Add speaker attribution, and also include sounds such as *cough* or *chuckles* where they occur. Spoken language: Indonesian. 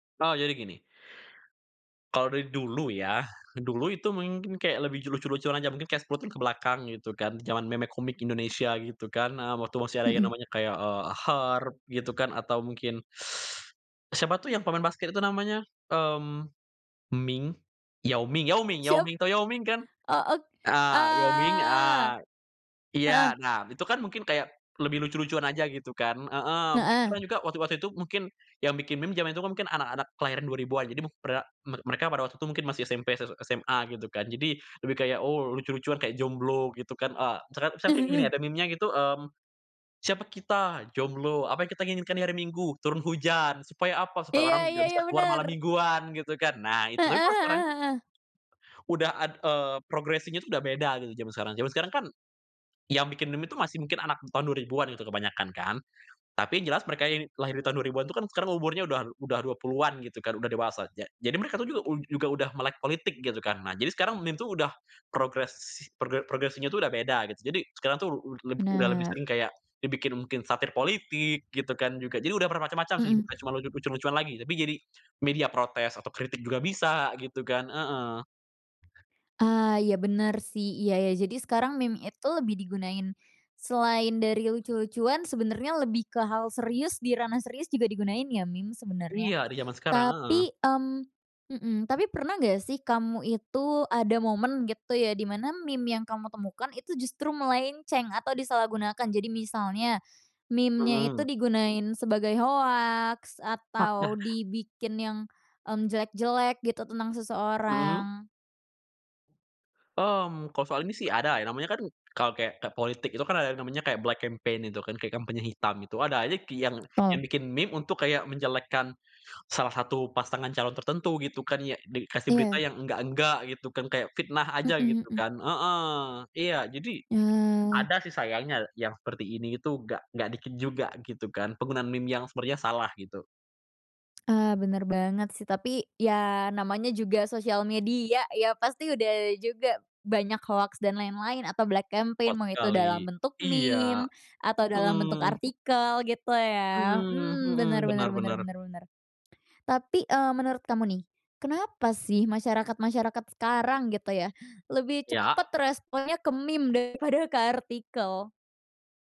Speaker 1: Oh jadi gini. Kalau dari dulu ya, dulu itu mungkin kayak lebih ju lucu-lucuan aja mungkin kayak 10 tahun kebelakang gitu kan zaman Meme Komik Indonesia gitu kan, eee, waktu masih ada yang
Speaker 2: Mhm.
Speaker 1: namanya kayak, eee, Herp gitu kan atau mungkin, *sucks teeth* siapa tuh yang pemain basket itu namanya, mmm, Ming? Yao Ming Yao Ming Yao
Speaker 2: Siap.
Speaker 1: Ming. Tau Yao Ming kan?
Speaker 2: Heeh.
Speaker 1: Heeh, Yao Ming, eee,
Speaker 2: Eee,
Speaker 1: iya.
Speaker 2: heeh.
Speaker 1: Nah itu kan mungkin kayak lebih lucu-lucuan aja gitu kan heeh, mungkin
Speaker 2: Heeh.
Speaker 1: juga waktu waktu itu mungkin yang bikin meme zaman itu mungkin anak-anak kelahiran 2000-an. Jadi mukbra mer mereka pada waktu itu mungkin masih SMP, s SMA gitu kan. Jadi lebih kayak, oh lucu-lucuan kayak jomblo gitu kan. Eee, teret misalkan kayak gini, ada
Speaker 2: *chuckles*
Speaker 1: memenya gitu, mmm, "Siapa kita? Jomblo. Apa yang kita inginkan di hari Minggu? Turun hujan. Supaya apa? Supaya
Speaker 2: Iya
Speaker 1: orang
Speaker 2: iya
Speaker 1: tidak
Speaker 2: iya,
Speaker 1: bisa keluar malam
Speaker 2: bener.
Speaker 1: mingguan," gitu kan. Nah itu,
Speaker 2: Heeh
Speaker 1: tapi kalau sekarang,
Speaker 2: heeh heeh.
Speaker 1: udah ad eee, progressing-nya itu udah beda gitu zaman sekarang. Zaman sekarang kan, yang bikin meme itu masih mungkin anak tahun 2000-an gitu kebanyakan kan, tapi jelas mereka yang lahir di tahun 2000-an itu kan sekarang umurnya udah udah 20-an gitu kan, udah dewasa aja. Jadi mereka tuh juga ud juga udah melek politik gitu kan. Nah jadi sekarang meme itu udah progres progre progressing-nya tuh udah beda gitu, jadi sekarang tuh ud leb udah lebih
Speaker 2: Bener.
Speaker 1: sering kayak dibikin mungkin satir politik gitu kan juga. Jadi udah bermacam-macam sih,
Speaker 2: Mhm.
Speaker 1: bukan cuma lucu lucu-lucuan lagi. Tapi jadi media protes atau kritik juga bisa gitu kan, heeh.
Speaker 2: Eee, iya bener sih, iya iya, jadi sekarang meme itu lebih digunain selain dari lucu-lucuan, sebenernya lebih ke hal serius, di ranah serius juga digunain ya meme sebenernya.
Speaker 1: Iya di zaman sekarang, heeh.
Speaker 2: Tapi, mmm, mhm, tapi pernah gak sih kamu itu ada momen gitu ya di mana meme yang kamu temukan itu justru melenceng atau disalahgunakan? Jadi misalnya, memenya itu
Speaker 1: Mhm.
Speaker 2: digunain sebagai hoaks
Speaker 1: Oh
Speaker 2: atau
Speaker 1: nah
Speaker 2: dibikin yang, mmm, jelek-jelek gitu tentang
Speaker 1: Mhm.
Speaker 2: seseorang.
Speaker 1: Mmm, kalau soal ini sih ada, ya namanya kan kalau kayak kayak politik itu kan ada yang namanya kayak black campaign itu kan, kayak kampanye hitam itu ada aja ki yang yang
Speaker 2: Toh.
Speaker 1: bikin meme untuk kayak menjelekkan salah satu pasangan calon tertentu gitu kan, yang de dikasih berita
Speaker 2: Iya.
Speaker 1: yang enggak-enggak gitu kan, kayak fitnah aja
Speaker 2: Mhm
Speaker 1: gitu
Speaker 2: mhm.
Speaker 1: kan. Heeh. Iya jadi
Speaker 2: Ya.
Speaker 1: ada sih sayangnya yang seperti ini itu enggak enggak dikit juga gitu kan, penggunaan meme yang sepertinya salah gitu.
Speaker 2: Ah bener banget sih, tapi ya namanya juga sosial media ya, pasti udah juga banyak hoaks, dan lain-lain, atau black campaign
Speaker 1: Kuat
Speaker 2: mau itu
Speaker 1: sekali,
Speaker 2: dalam bentuk
Speaker 1: iya.
Speaker 2: meme, atau dalam bentuk
Speaker 1: Mhm.
Speaker 2: artikel gitu ya.
Speaker 1: Mmm,
Speaker 2: Hmm, bener
Speaker 1: mhm,
Speaker 2: bener
Speaker 1: benar
Speaker 2: bener
Speaker 1: benar.
Speaker 2: bener bener. Tapi, eee, menurut kamu nih, kenapa sih masyarakat-masyarakat sekarang gitu ya, lebih
Speaker 1: Iya.
Speaker 2: cepet responnya ke meme daripada ke artikel?